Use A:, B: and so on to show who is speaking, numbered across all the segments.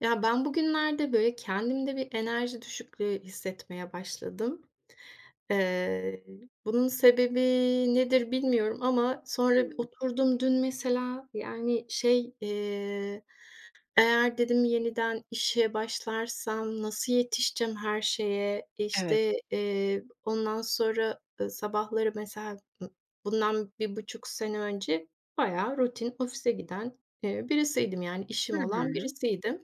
A: Ya, ben bugünlerde, böyle, kendimde bir enerji düşüklüğü hissetmeye başladım. Eee, bunun sebebi nedir bilmiyorum ama sonra
B: Hımm.
A: oturdum dün mesela, yani, şey, eee, eğer dedim yeniden işe başlarsam nasıl yetişeceğim her şeye?
B: Evet.
A: İşte, eee, ondan sonra, ııı, sabahları, mesela, ımm, bundan 1,5 sene önce bayağı rutin ofise giden, eee, birisiydim. Yani,
B: Hı
A: işim olan
B: hı.
A: birisiydim.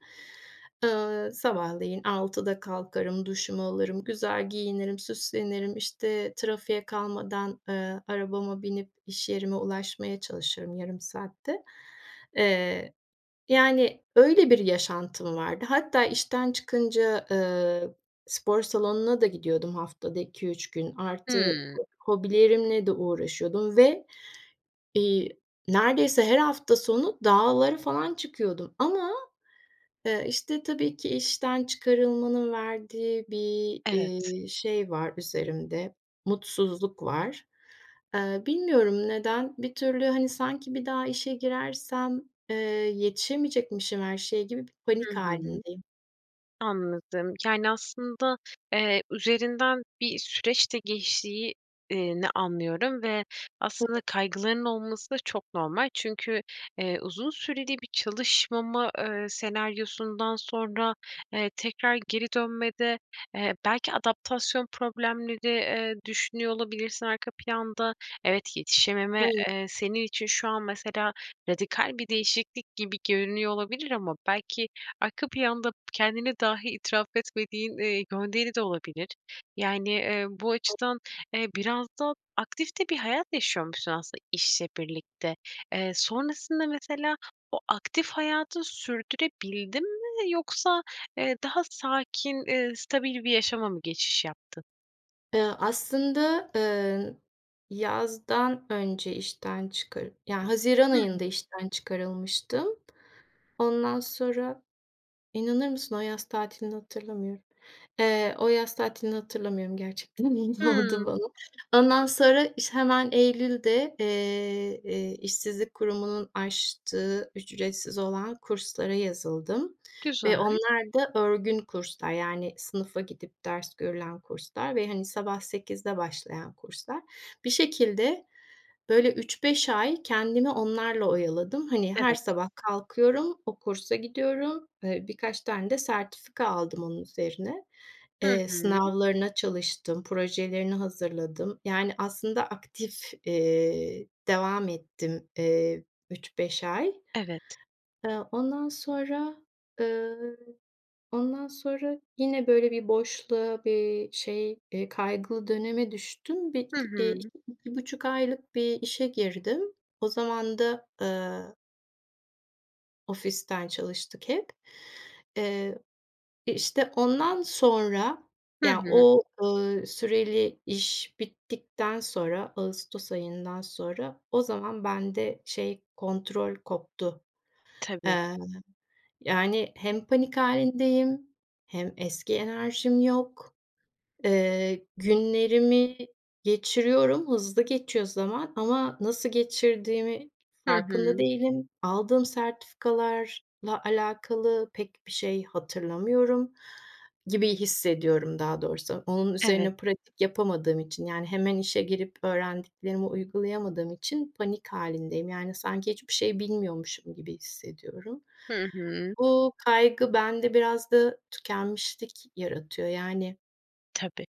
A: Eee, sabahleyin 6'da kalkarım, duşumu alırım, güzel giyinirim, süslenirim, işte, trafiğe kalmadan, eee, arabama binip iş yerime ulaşmaya çalışırım yarım saatte. Eee, yani, öyle bir yaşantım vardı. Hatta işten çıkınca, eee, spor salonuna da gidiyordum haftada 2-3 gün. Artı,
B: Hıı.
A: hobilerimle de uğraşıyordum ve, iii, neredeyse her hafta sonu dağlara falan çıkıyordum ama, eee, işte, tabii ki işten çıkarılmanın verdiği bir,
B: Evet.
A: eee, şey var üzerimde, mutsuzluk var. Eee, bilmiyorum neden? Bir türlü, hani, sanki bir daha işe girersem, eee, yetişemeyecekmişim her şeye gibi bir
B: Hı
A: panik
B: hı.
A: hâlindeyim.
B: Anladım. Yani, aslında, eee, üzerinden bir süreç de geçtiği eee, ni anlıyorum ve aslında
A: [unintelligible]
B: kaygıların olması da çok normal. Çünkü, eee, uzun süreli bir çalışmama, eee, senaryosundan sonra, eee, tekrar geri dönmede, eee, belki adaptasyon problemleri, eee, düşünüyor olabilirsin arka planda. Evet, yetişememe,
A: Hayır.
B: eee, senin için şu an, mesela, radikal bir değişiklik gibi görünüyor olabilir ama belki arka planda kendine dahi itiraf etmediğin, eee, gönderi de olabilir. Yani, eee, bu açıdan, eee, biraz da aktif de bir hayat yaşıyormuşsun aslında işle birlikte. Eee, sonrasında mesela o aktif hayatı sürdürebildin mi? Yoksa, eee, daha sakin, eee, stabil bir yaşama mı geçiş yaptın?
A: Eee, aslında, eee, yazdan önce işten çıkar Yani, haziran
B: Hı hı.
A: ayında işten çıkarılmıştım. Ondan sonra inanır mısın o yaz tatilini hatırlamıyorum. Eee, o yaz tatilini hatırlamıyorum gerçekten. Ne oldu
B: Hıı.
A: bana? Ondan sonra iş hemen eylülde, eee, eee, işsizlik kurumunun açtığı ücretsiz olan kurslara yazıldım ve
B: Güzel.
A: onlar da örgün kurslar. Yani, sınıfa gidip ders görülen kurslar ve hani sabah 8'de başlayan kurslar. Bir şekilde böyle 3-5 ay kendimi onlarla oyaladım. Hani, her
B: Evet.
A: sabah kalkıyorum, o kursa gidiyorum, eee, birkaç tane de sertifika aldım onun üzerine.
B: Hı
A: Eee,
B: hı.
A: sınavlarına çalıştım, projelerini hazırladım. Yani, aslında aktif, eee, devam ettim, eee, 3-5 ay.
B: Evet.
A: Eee, ondan sonra, eee, ondan sonra yine böyle bir boşluğa, bir şey, eee, kaygılı döneme düştüm. Bir,
B: Hı
A: iki eee, iki
B: hı.
A: iki buçuk aylık bir işe girdim. O zaman da, eee ofisten çalıştık hep. Eee, e, işte ondan sonra,
B: Hı
A: ya,
B: hı.
A: o, ııı, süreli iş bittikten sonra ağustos ayından sonra o zaman bende şey, kontrol koptu.
B: Tabii.
A: Eee, yani, hem panik hâlindeyim hem eski enerjim yok. Eee, günlerimi geçiriyorum, hızlı geçiyor zaman ama nasıl geçirdiğimi
B: Hı
A: farkında
B: hı.
A: değilim. Aldığım sertifikalarla alakalı pek bir şey hatırlamıyorum gibi hissediyorum daha doğrusu. Onun
B: Evet.
A: üzerine pratik yapamadığım için, yani hemen işe girip öğrendiklerimi uygulayamadığım için panik halindeyim. Yani, sanki hiçbir şey bilmiyormuşum gibi hissediyorum.
B: Hı hı.
A: Bu kaygı bende biraz da tükenmişlik yaratıyor yani
B: Tabii.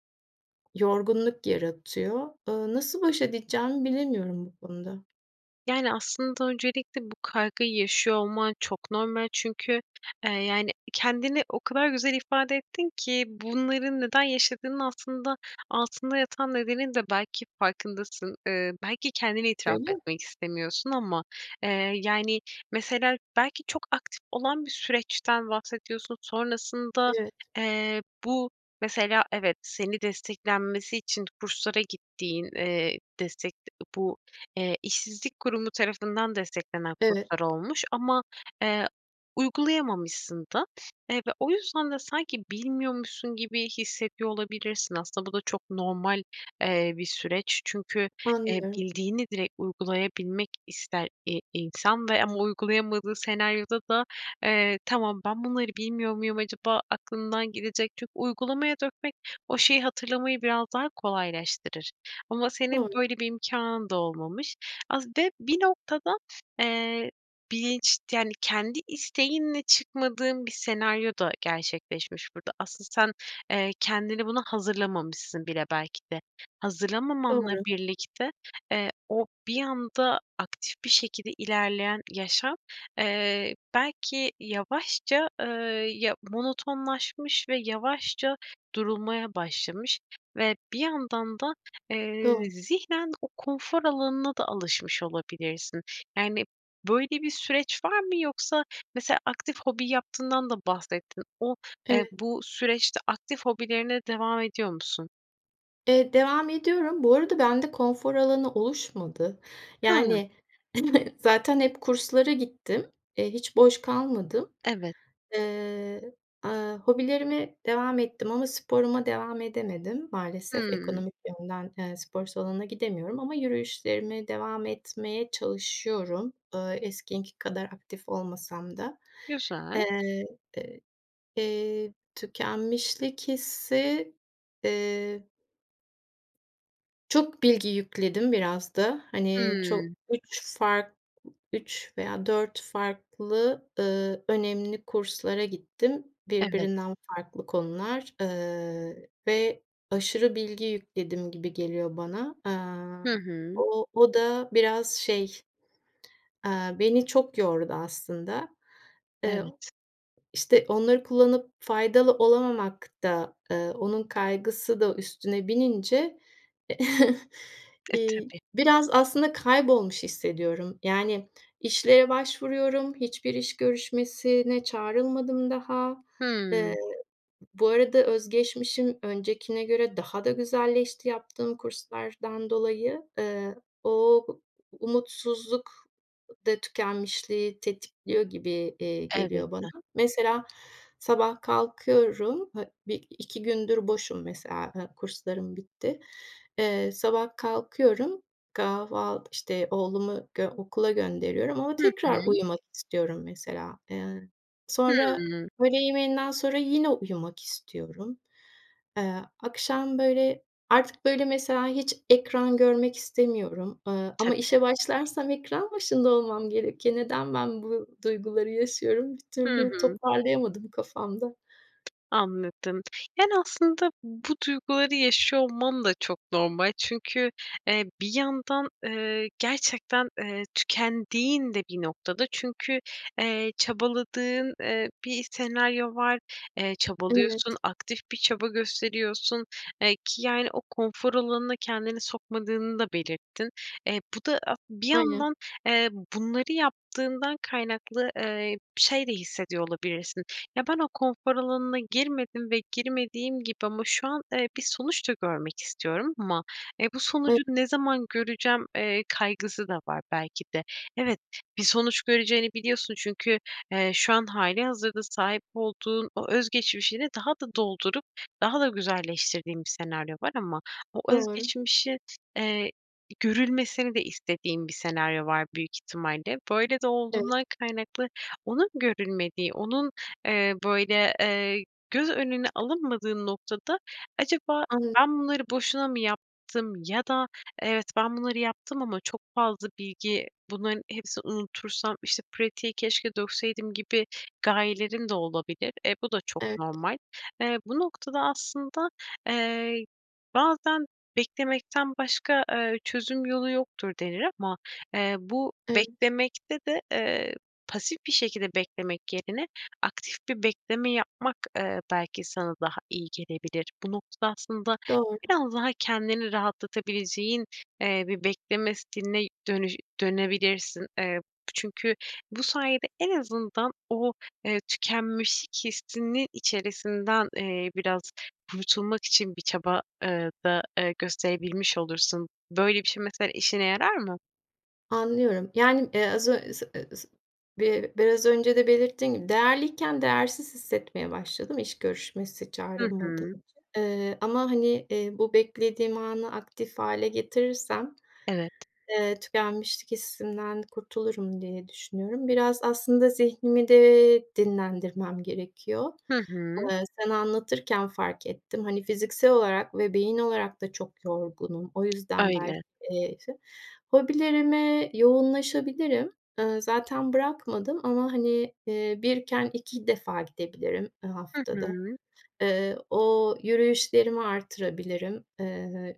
A: yorgunluk yaratıyor. Eee, nasıl baş edeceğimi bilemiyorum bu konuda.
B: Yani, aslında öncelikle bu kaygıyı yaşıyor olman çok normal. Çünkü, eee, yani, kendini o kadar güzel ifade ettin ki bunların neden yaşadığının altında altında yatan nedenin de belki farkındasın, ııı, belki kendine itiraf
A: Öyle mi?
B: etmek istemiyorsun. Ama, eee, yani, mesela belki çok aktif olan bir süreçten bahsediyorsun. Sonrasında,
A: Evet.
B: eee, bu, mesela evet seni desteklenmesi için kurslara gittiğin, eee, destek de bu, eee, işsizlik kurumu tarafından desteklenen
A: Evet.
B: kurslar olmuş. Ama, eee, uygulayamamışsın da, eee, ve o yüzden de sanki bilmiyormuşsun gibi hissediyor olabilirsin. Aslında bu da çok normal, eee, bir süreç. Çünkü, eee,
A: Anlıyorum.
B: bildiğini direkt uygulayabilmek ister, i insan ve ama uygulayamadığı senaryoda da, eee, tamam ben bunları bilmiyor muyum acaba aklımdan gidecek. Çünkü uygulamaya dökmek o şeyi hatırlamayı biraz daha kolaylaştırır. Ama senin
A: Doğru.
B: böyle bir imkânın da olmamış. Az be bir noktada, eee, bilinç, yani, kendi isteğinle çıkmadığın bir senaryo da gerçekleşmiş burada. Asıl sen, eee, kendini buna hazırlamamışsın bile belki de. Hazırlamamanla
A: Doğru.
B: birlikte, eee, o bir anda aktif bir şekilde ilerleyen yaşam, eee, belki yavaşça, eee, ya, monotonlaşmış ve yavaşça durulmaya başlamış ve bir yandan da,
A: Do
B: eee, zihnen o konfor alanına da alışmış olabilirsin. Yani, böyle bir süreç var mı? Yoksa mesela aktif hobi yaptığından da bahsettin. O,
A: Evet.
B: eee, bu süreçte aktif hobilerine devam ediyor musun?
A: Eee, devam ediyorum. Bu arada bende konfor alanı oluşmadı.
B: Hıı.
A: Yani zaten hep kurslara gittim. Eee, hiç boş kalmadım.
B: Evet.
A: Eee, aaa, hobilerime devam ettim ama sporuma devam edemedim. Maalesef
B: Hımm.
A: ekonomik yönden, eee, spor salonuna gidemiyorum ama yürüyüşlerime devam etmeye çalışıyorum. Iıı, eskisi kadar aktif olmasam da.
B: Güzel.
A: Eee, ııı, eee, tükenmişlik hissi, eee çok bilgi yükledim biraz da. Hani, çok
B: Hımm.
A: 3 fark, 3 veya 4 farklı, ııı, önemli kurslara gittim
B: Evet.
A: birbirinden farklı konular, ııı, ve aşırı bilgi yükledim gibi geliyor bana.
B: Hı
A: Eee,
B: hı.
A: o o da biraz, şey, eee, beni çok yordu aslında. Iıı,
B: Evet.
A: işte onları kullanıp faydalı olamamak da, ııı, onun kaygısı da üstüne binince
B: E,
A: eee,
B: tabii.
A: biraz aslında kaybolmuş hissediyorum. Yani, işlere başvuruyorum. Hiçbir iş görüşmesine çağrılmadım daha. Eee,
B: Hımm.
A: bu arada öz geçmişim öncekine göre daha da güzelleşti yaptığım kurslardan dolayı. Eee, o umutsuzluk da tükenmişliği tetikliyor gibi, eee, geliyor bana.
B: Elbette.
A: Mesela sabah kalkıyorum. Ha, 1-2 gündür boşum mesela, e, kurslarım bitti. Eee, sabah kalkıyorum. Kahval işte oğlumu, g okula gönderiyorum ama
B: Hı
A: tekrar
B: hı.
A: uyumak istiyorum mesela. Eee, sonra
B: Hımm.
A: öğle yemeğinden sonra yine uyumak istiyorum. Eee, akşam böyle artık böyle mesela hiç ekran görmek istemiyorum, ııı, ama
B: Tabii.
A: işe başlarsam ekran başında olmam gerekiyor. Neden ben bu duyguları yaşıyorum? Bir
B: Hı
A: türlü
B: hı.
A: toparlayamadım kafamda.
B: Anladım, yani, aslında bu duyguları yaşıyor olman da çok normal. Çünkü, eee, bir yandan, eee, gerçekten, eee, tükendiğin de bir noktada. Çünkü, eee, çabaladığın, eee, bir senaryo var, eee,
A: Evet.
B: çabalıyorsun, aktif bir çaba gösteriyorsun. Eee, ki, yani, o konfor alanına kendini sokmadığını da belirttin. Eee, bu da [unintelligible] bir
A: Aynen.
B: yandan, eee, bunları yaptığından kaynaklı, eee, şey de hissediyor olabilirsin. Ya, ben o konfor alanına girmedim ve girmediğim gibi ama şu an, eee, bir sonuç da görmek istiyorum. Ama, eee, bu sonucu
A: [unintelligible]
B: ne zaman göreceğim, eee, kaygısı da var belki de. Evet, bir sonuç göreceğini biliyorsun. Çünkü, eee, şu an hâlihazırda sahip olduğun o öz geçmişini daha da doldurup daha da güzelleştirdiğin bir senaryo var ama o öz
A: Doğru.
B: geçmişin, eee, görülmesini de istediğim bir senaryo var büyük ihtimalle. Böyle de
A: Evet.
B: olduğundan kaynaklı onun görülmediği, onun, eee, böyle, eee, göz önüne alınmadığın noktada acaba
A: Anladım.
B: ben bunları boşuna mı yaptım ya da evet, ben bunları yaptım ama çok fazla bilgi bunların hepsini unutursam, işte pratiği keşke dökseydim gibi gayelerim de olabilir. E, bu da çok
A: Evet.
B: normal. Eee, bu noktada aslında, eee, bazen beklemekten başka, eee, çözüm yolu yoktur denir. Ama, eee, bu
A: Evet.
B: beklemekte de, eee, pasif bir şekilde beklemek yerine aktif bir bekleme yapmak, eee, belki sana daha iyi gelebilir. Bu noktada aslında
A: Doğru.
B: biraz daha kendini rahatlatabileceğin, eee, bir bekleme stiline dönü dönebilirsin. Eee, çünkü bu sayede en azından o, eee, tükenmişlik hissinin içerisinden, eee, biraz kurtulmak için bir çaba, eee, da, ııı, gösterebilmiş olursun. Böyle bir şey mesela işine yarar mı?
A: Anlıyorum, yani, eee, az [unintelligible] bi biraz önce de belirttiğim gibi, değerliyken değersiz hissetmeye başladım iş görüşmesi
B: Hı
A: çağrılmadım
B: hı.
A: için. Eee, ama, hani, eee, bu beklediğim anı aktif hâle getirirsem.
B: Evet.
A: Eee, tükenmişlik hissinden kurtulurum diye düşünüyorum. Biraz aslında zihnimi de dinlendirmem gerekiyor.
B: Hı hı.
A: Eee, sen anlatırken fark ettim. Hani, fiziksel olarak ve beyin olarak da çok yorgunum. O yüzden belki.
B: Öyle.
A: [unintelligible] Hobilerime yoğunlaşabilirim. Iıı, zaten bırakmadım. Ama, hani, ııı, 1'ken 2 defa gidebilirim, ııı,
B: Hı
A: haftada.
B: hı.
A: Iıı, o yürüyüşlerimi arttırabilirim. Iıı,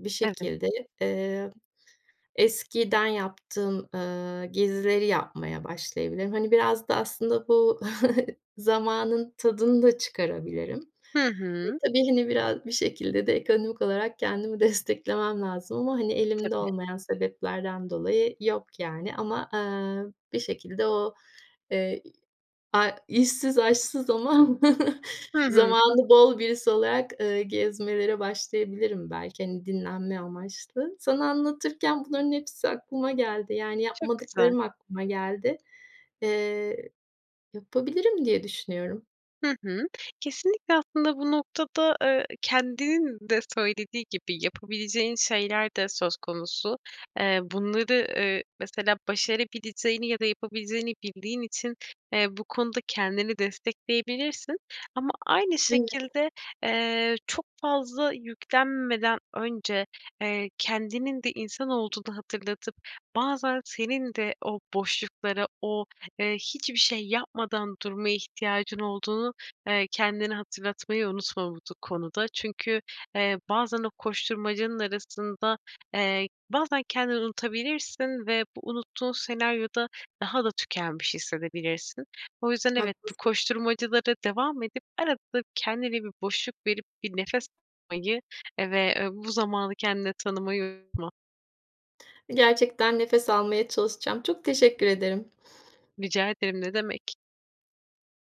A: bir
B: Evet.
A: şekilde. Eee, eskiden yaptığım, ııı, gezileri yapmaya başlayabilirim. Hani, biraz da aslında bu zamanın tadını da çıkarabilirim.
B: Hı
A: E,
B: hı.
A: tabii, hani, biraz bir şekilde de ekonomik olarak kendimi desteklemem lazım ama, hani, elimde
B: Tabii.
A: olmayan sebeplerden dolayı yok, yani, ama, eee, bir şekilde o, eee, a işsiz aşsız ama
B: Hı hı.
A: zamanı bol birisi olarak, ııı, gezmelere başlayabilirim belki, hani, dinlenme amaçlı. Sana anlatırken bunların hepsi aklıma geldi. Yani,
B: Çok güzel.
A: yapmadıklarım aklıma geldi. Eee, yapabilirim diye düşünüyorum.
B: Hı hı. Kesinlikle. Aslında bu noktada, eee, kendinin de söylediği gibi yapabileceğin şeyler de söz konusu. Eee, bunları, ııı, mesela başarabileceğini ya da yapabileceğini bildiğin için, eee, bu konuda kendini destekleyebilirsin. Ama aynı
A: Evet.
B: şekilde, eee, çok fazla yüklenmeden önce, eee, kendinin de insan olduğunu hatırlatıp bazen senin de o boşlukları, o, ııı, hiçbir şey yapmadan durmaya ihtiyacın olduğunu, eee, kendine hatırlatmayı unutma bu du konuda. Çünkü, eee, bazen o koşturmacanın arasında, eee, bazen kendini unutabilirsin ve bu unuttuğun senaryoda daha da tükenmiş hissedebilirsin. O yüzden evet, bu
A: Haklısın.
B: koşturmacalara devam edip arada kendine bir boşluk verip bir nefes almayı, eee, ve bu zamanı kendine tanımayı unutma.
A: Gerçekten nefes almaya çalışacağım. Çok teşekkür ederim.
B: Rica ederim, ne demek.